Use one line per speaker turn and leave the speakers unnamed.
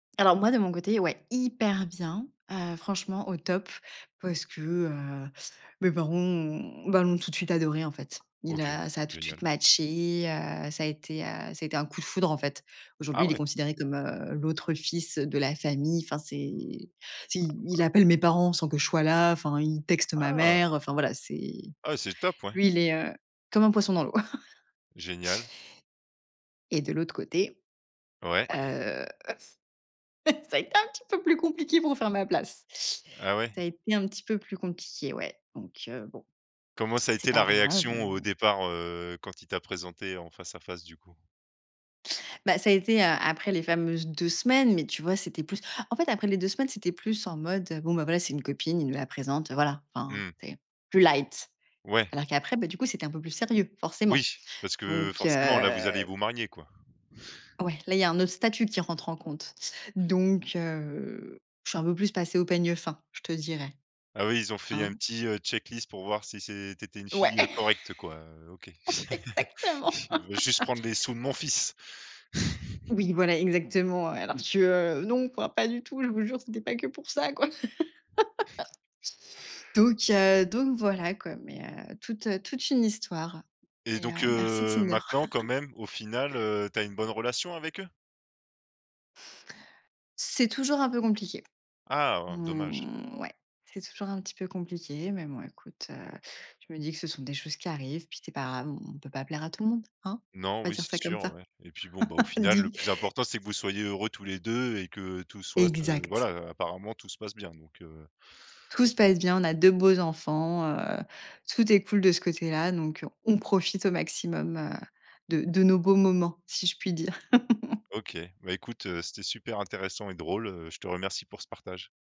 Alors moi, de mon côté, ouais, hyper bien, heu, franchement, au top parce que, heu, mes parents, ont ben, l'ont tout de suite adoré en fait. Il
OK,
a ça a tout de suite
génial.
matché, heu, ça a été, heu, ça a été un coup de foudre, en fait. Aujourd'hui,
Ah
il est
ouais.
considéré comme, heu, l'autre fils de la famille. Enfin c'est tu sais
Ah
il
waouh.
appelle mes parents sans que je sois là, enfin, il texte ma
Ah!
mère. Enfin voilà, c'est
Ah, c'est top ouais.
lui, il est, heu, comme un poisson dans l'eau
Génial.
et de l'autre côté.
Ouais.
Heu, f ça a été un petit peu plus compliqué pour faire ma place.
Ah
Ça
ouais?
a été un petit peu plus compliqué, ouais, donc heu, bon.
Comment ça a
C'est
été la
pas grave,
réaction au
heu
départ, heu, quand il t'a présentée en face à face du coup?
Bah, ça a été a après les fameuses 2 semaines, mais tu vois, c'était plus en fait, après les 2 semaines, c'était plus en mode, heu: «Bon, voilà, c'est une copine, il nous la présente, heu, voilà» enfin,
Mmh.
c'est, plus light.
Ouais.
Alors qu'après, bah, du coup, c'était un peu plus sérieux,
Oui,
forcément.
parce que
Donc,
forcément là vous allez
heu
vous marier quoi?
Ouais, là, il y a un autre statut qui rentre en compte donc heu, je suis un peu plus passée au peigne fin, je te dirais.
Ah oui ils ont fait un
Hein.
petit, heu, check-list pour voir si c'est tu étais une
Ouais.
fille, heu, correcte quoi, heu, OK.
Exactement.
Elle veut juste prendre les sous de mon fils.
Oui voilà exactement, heu, alors que, non, enfin pas du tout je vous jure c'était pas que pour ça, quoi. Donc heu, donc voilà quoi. Mais heu, toute, heu, toute une histoire
Et
et
donc
heu, merci
heu,
Tinder.
maintenant quand même au final, heu, tu as une bonne relation avec eux?
C'est toujours un peu compliqué.
Ah, dommage.
Mmh, ouais. C'est toujours un petit peu compliqué. Mais bon, écoute, heu, je me dis que ce sont des choses qui arrivent, puis c'est pas grave, on on peut pas plaire à tout le monde, hein?
Non,
On va
oui
dire
c'est
ça comme
sûr,
ça.
ouais et puis bon, bah, au final le
Dis!
plus important c'est que vous soyez heureux tous les 2 et que tout soit ce
Exact.
voilà, heu, apparemment tout se passe bien donc heu.
Tout se passe bien, on a 2 beaux enfants, heu, tout est cool de ce côté-là, donc on profite au maximum, heu, de de nos beaux moments si je puis dire.
OK, bah, écoute, heu, c'était super intéressant et drôle, heu, je te remercie pour ce partage.